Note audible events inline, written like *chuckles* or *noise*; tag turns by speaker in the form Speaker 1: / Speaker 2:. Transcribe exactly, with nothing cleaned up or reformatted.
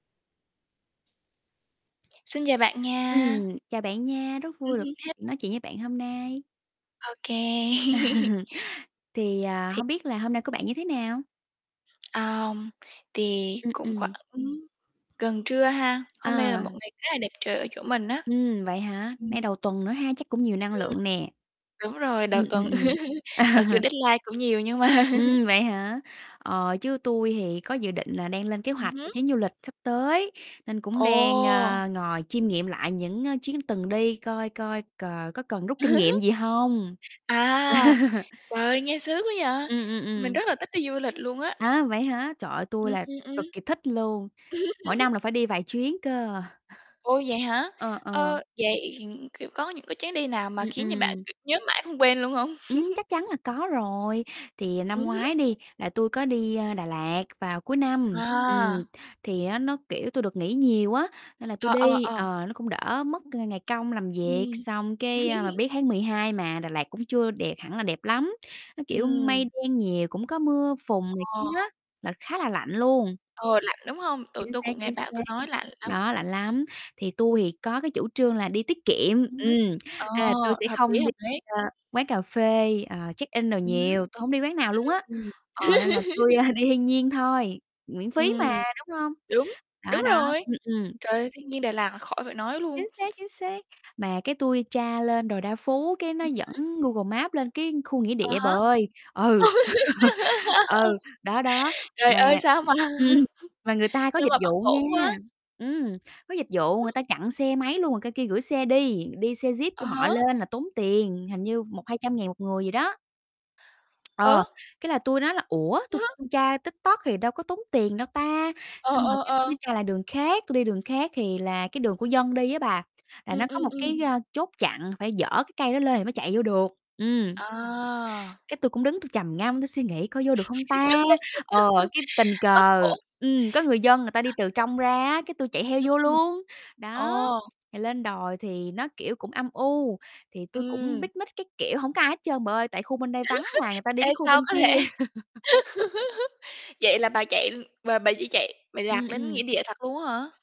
Speaker 1: Xin chào bạn nha.
Speaker 2: Ừm, chào bạn nha, rất
Speaker 1: Ừm
Speaker 2: vui được
Speaker 1: hứm, hello
Speaker 2: nói chuyện với bạn hôm nay.
Speaker 1: Ô kê. *laughs*
Speaker 2: *chuckles* Thì, à,
Speaker 1: Thì
Speaker 2: hông biết là hôm nay của bạn như thế nào?
Speaker 1: Ờm, thì
Speaker 2: Ừm,
Speaker 1: cũng khoảng
Speaker 2: ừm.
Speaker 1: gần trưa ha, hôm nay là một
Speaker 2: À.
Speaker 1: ngày khá là đẹp trời ở chỗ mình á.
Speaker 2: Ừm, vậy hả?
Speaker 1: Ừm.
Speaker 2: Nay đầu tuần nữa ha, chắc cũng nhiều năng
Speaker 1: Ừm.
Speaker 2: lượng nè.
Speaker 1: Đúng rồi,
Speaker 2: Ừm,
Speaker 1: đầu
Speaker 2: ừm,
Speaker 1: tuần đợt
Speaker 2: ừm.
Speaker 1: *laughs* mặc dù
Speaker 2: *chuckles*
Speaker 1: deadline cũng nhiều nhưng mà
Speaker 2: Ừm,
Speaker 1: *laughs*
Speaker 2: vậy hả? Ờ, chứ tui thì có dự định là đang lên kế
Speaker 1: Ừm
Speaker 2: hoạch cho
Speaker 1: hứm.
Speaker 2: chuyến du lịch sắp tới, nên cũng đang,
Speaker 1: Ồ!
Speaker 2: ờ, ngồi chiêm nghiệm lại những, ờ, chuyến từng đi coi coi cờ có cần rút kinh nghiệm
Speaker 1: *laughs*
Speaker 2: gì hông?
Speaker 1: À,
Speaker 2: *laughs*
Speaker 1: trời ơi nghe sướng quá vậy,
Speaker 2: Ừm, ừm,
Speaker 1: mình
Speaker 2: ừm.
Speaker 1: rất là thích đi du lịch luôn á.
Speaker 2: Á, vậy hả, trời ơi tui
Speaker 1: Ừm,
Speaker 2: là
Speaker 1: ừm, ừm.
Speaker 2: cực kì thích luôn, mỗi năm là
Speaker 1: *laughs*
Speaker 2: phải đi vài chuyến cơ.
Speaker 1: Ô, vậy hả?
Speaker 2: Ờ, ờ.
Speaker 1: Ơ, vậy, kiểu, có những, cái, chuyến đi nào mà
Speaker 2: Ừm,
Speaker 1: khiến cho bạn
Speaker 2: ừm.
Speaker 1: kiểu nhớ mãi không quên luôn hông?
Speaker 2: Ừm,
Speaker 1: *laughs*
Speaker 2: chắc chắn là có rồi, thì
Speaker 1: Ừm
Speaker 2: năm
Speaker 1: hứm.
Speaker 2: ngoái đi, là tui có đi, à, Đà Lạt vào cuối năm, ừm,
Speaker 1: À.
Speaker 2: thì á nó, kiểu, tui được nghỉ nhiều á, nên là tui
Speaker 1: Ờ, ờ,
Speaker 2: đi,
Speaker 1: ờ.
Speaker 2: ờ, nó cũng đỡ mất cái ngày công làm việc,
Speaker 1: Ừm.
Speaker 2: xong cái, à, mà
Speaker 1: *laughs*
Speaker 2: biết tháng mười hai mà Đà Lạt cũng chưa đẹp hẳn là đẹp lắm, nó, kiểu, mây
Speaker 1: Ừm.
Speaker 2: đen nhiều, cũng có mưa phùn này kia
Speaker 1: Ồ.
Speaker 2: á, là khá là lạnh luôn.
Speaker 1: Ờ, lạnh, đúng không? Ừ,
Speaker 2: Chính
Speaker 1: tui
Speaker 2: xác,
Speaker 1: cũng nghe
Speaker 2: chính
Speaker 1: bạn tui
Speaker 2: xác,
Speaker 1: nói lạnh lắm.
Speaker 2: đó lạnh lắm. Thì tui thì có cái chủ trương là đi tiết kiệm,
Speaker 1: Ừm hứm,
Speaker 2: ừm,
Speaker 1: ờ,
Speaker 2: nên là tui sẽ
Speaker 1: hợp lý,
Speaker 2: không đi,
Speaker 1: hợp lý.
Speaker 2: ờ, quán cà phê, ờ, check in đồ
Speaker 1: Ừm hứm.
Speaker 2: nhiều, tui hổng đi quán nào luôn á,
Speaker 1: Ừm,
Speaker 2: ờ, nên là tui,
Speaker 1: ừm. *laughs*
Speaker 2: a, đi thiên nhiên thôi, miễn phí mà,
Speaker 1: Ừm,
Speaker 2: đúng hông?
Speaker 1: đúng, đúng
Speaker 2: Đó, đó,
Speaker 1: rồi.
Speaker 2: ừm, ừm.
Speaker 1: Trời ơi, thiên nhiên Đà Lạt là khỏi phải nói luôn.
Speaker 2: Chính xác, chính xác, mà cái tui tra lên đồi Đa Phú cái nó
Speaker 1: Ừm hứm.
Speaker 2: dẫn Google Maps lên cái khu nghĩa
Speaker 1: À
Speaker 2: địa bà
Speaker 1: há. *laughs*
Speaker 2: ơi, ừ, *laughs* ừ, đó, đó,
Speaker 1: Trời ơi,
Speaker 2: mà
Speaker 1: sao mà
Speaker 2: ừm
Speaker 1: *laughs*
Speaker 2: mà người ta có
Speaker 1: sao
Speaker 2: dịch
Speaker 1: mà bất
Speaker 2: vụ nha,
Speaker 1: ổn quá.
Speaker 2: ừm, có dịch vụ
Speaker 1: Ừm.
Speaker 2: người ta chặn xe máy luôn rồi qua kia gửi xe đi, đi xe Jeep
Speaker 1: À
Speaker 2: của họ
Speaker 1: há.
Speaker 2: lên là tốn tiền, hình như một hai trăm ngàn một người gì đó.
Speaker 1: Ờ.
Speaker 2: Ờ, cái là tui nói là "Ủa tui
Speaker 1: *chuckles*
Speaker 2: tra TikTok thì đâu có tốn tiền đâu ta?"
Speaker 1: Ờ,
Speaker 2: Xong rồi
Speaker 1: ờ,
Speaker 2: cái tui
Speaker 1: ờ.
Speaker 2: mới tra lại đường khác, tui đi đường khác thì là, cái, đường của dân đi á bà, là
Speaker 1: Ừm,
Speaker 2: nó có
Speaker 1: ừm,
Speaker 2: một
Speaker 1: ừm.
Speaker 2: cái, ờ, chốt chặn phải dở cái cây đó lên thì mới chạy vô được, ừm.
Speaker 1: À.
Speaker 2: Cái tui cũng đứng tui trầm ngâm tui suy nghĩ coi vô được không ta? Ờ, cái tình
Speaker 1: *laughs* Bất
Speaker 2: cờ
Speaker 1: ổn.
Speaker 2: ừm, có người dân người ta đi từ
Speaker 1: *chuckles*
Speaker 2: trong ra á, cái tui chạy theo
Speaker 1: Ừm,
Speaker 2: vô
Speaker 1: ừm.
Speaker 2: luôn, đó,
Speaker 1: Ồ.
Speaker 2: rồi lên đồi thì nó, kiểu, cũng âm u, thì tui cũng
Speaker 1: Ừm.
Speaker 2: picnic các kiểu, hổng có ai hết trơn bà ơi, tại khu bên đây vắng mà người
Speaker 1: *laughs*
Speaker 2: ta đi,
Speaker 1: Ê,
Speaker 2: cái, khu
Speaker 1: sao
Speaker 2: bên
Speaker 1: có thể,
Speaker 2: kia. *laughs*
Speaker 1: *laughs* vậy là bà chạy bà bà chỉ chạy mày lạc
Speaker 2: Ừm,
Speaker 1: đến nghĩa
Speaker 2: ừm.
Speaker 1: địa thật luôn á hả?